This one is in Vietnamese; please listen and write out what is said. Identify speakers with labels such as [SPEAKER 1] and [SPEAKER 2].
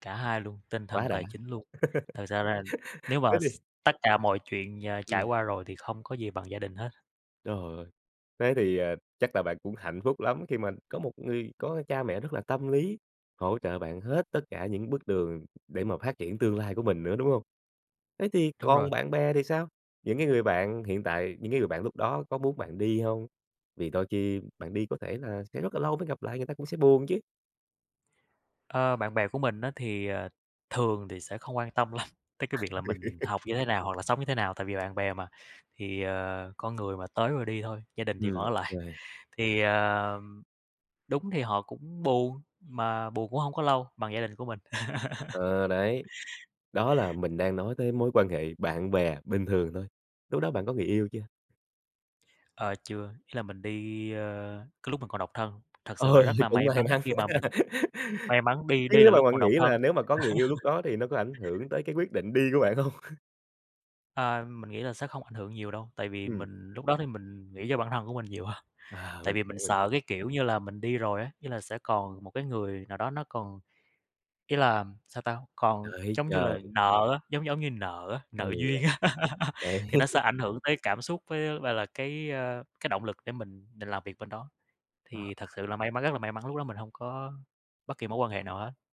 [SPEAKER 1] Cả hai luôn, tinh thần,
[SPEAKER 2] Quá đã.
[SPEAKER 1] tài chính luôn, thật sự rằng nếu mà
[SPEAKER 2] Thế
[SPEAKER 1] s
[SPEAKER 2] thì
[SPEAKER 1] tất cả mọi chuyện nhờ trải
[SPEAKER 2] Ừm.
[SPEAKER 1] qua rồi thì không có gì bằng gia đình hết.
[SPEAKER 2] Trời ơi, thế thì, à, chắc là bạn cũng hạnh phúc lắm khi mình có một người có cha mẹ rất là tâm lý, hỗ trợ bạn hết tất cả những bước đường để mà phát triển tương lai của mình nữa, đúng hông? Thế thì
[SPEAKER 1] Đúng
[SPEAKER 2] còn
[SPEAKER 1] rồi.
[SPEAKER 2] bạn bè thì sao, những cái người bạn hiện tại, những cái người bạn lúc đó có muốn bạn đi hông? Vì đôi khi bạn đi có thể là sẽ rất là lâu mới gặp lại, người ta cũng sẽ buồn chứ.
[SPEAKER 1] Ơ, bạn bè của mình á thì, ờ, thường thì sẽ không quan tâm lắm, tới cái việc là mình học như thế nào hoặc là sống như thế nào. Tại vì bạn bè mà, thì, ờ, con người mà tới rồi đi thôi, gia đình thì vẫn
[SPEAKER 2] Ừm
[SPEAKER 1] ở lại,
[SPEAKER 2] [unintelligible]
[SPEAKER 1] thì, ờ, đúng thì họ cũng buồn, mà buồn cũng hông có lâu bằng gia đình của mình.
[SPEAKER 2] Ờ, đấy, đó là mình đang nói tới mối quan hệ bạn bè bình thường thôi, lúc đó bạn có người yêu chưa?
[SPEAKER 1] Ờ, chưa, ý là mình đi, ơ, cái lúc mình còn độc thân. Thật sự là
[SPEAKER 2] Ơi,
[SPEAKER 1] rất là
[SPEAKER 2] cũng
[SPEAKER 1] may
[SPEAKER 2] mai
[SPEAKER 1] mắn
[SPEAKER 2] mắn
[SPEAKER 1] khi
[SPEAKER 2] quá
[SPEAKER 1] mà mình
[SPEAKER 2] ha
[SPEAKER 1] may mắn đi
[SPEAKER 2] chứ
[SPEAKER 1] đi
[SPEAKER 2] nếu
[SPEAKER 1] là
[SPEAKER 2] mà
[SPEAKER 1] lúc
[SPEAKER 2] bạn
[SPEAKER 1] còn
[SPEAKER 2] nghĩ
[SPEAKER 1] độc thân.
[SPEAKER 2] là nếu mà có người yêu lúc đó thì nó có ảnh hưởng tới cái quyết định đi của bạn hông?
[SPEAKER 1] Ờ, mình nghĩ là sẽ không ảnh hưởng nhiều đâu, tại vì
[SPEAKER 2] Ừm.
[SPEAKER 1] mình lúc đó thì mình nghĩ cho bản thân của mình nhiều ha,
[SPEAKER 2] À,
[SPEAKER 1] tại
[SPEAKER 2] mình
[SPEAKER 1] vì
[SPEAKER 2] hiểu,
[SPEAKER 1] mình
[SPEAKER 2] mình
[SPEAKER 1] sợ cái, kiểu như là, mình đi rồi á, như là sẽ còn một cái người nào đó nó còn ý làm sao ta? Còn
[SPEAKER 2] Đợi
[SPEAKER 1] chống như
[SPEAKER 2] chờ.
[SPEAKER 1] là nợ á, giống giống như nợ á,
[SPEAKER 2] Ừ
[SPEAKER 1] nợ duyên á
[SPEAKER 2] đ đấy.
[SPEAKER 1] thì nó sẽ ảnh hưởng tới cảm xúc với á gọi là, cái, ơ, cái động lực để mình mình làm việc bên đó,
[SPEAKER 2] Ờ.
[SPEAKER 1] thì thật sự là may mắn, rất là may mắn lúc đó mình hông có bất kỳ mối quan hệ nào hết.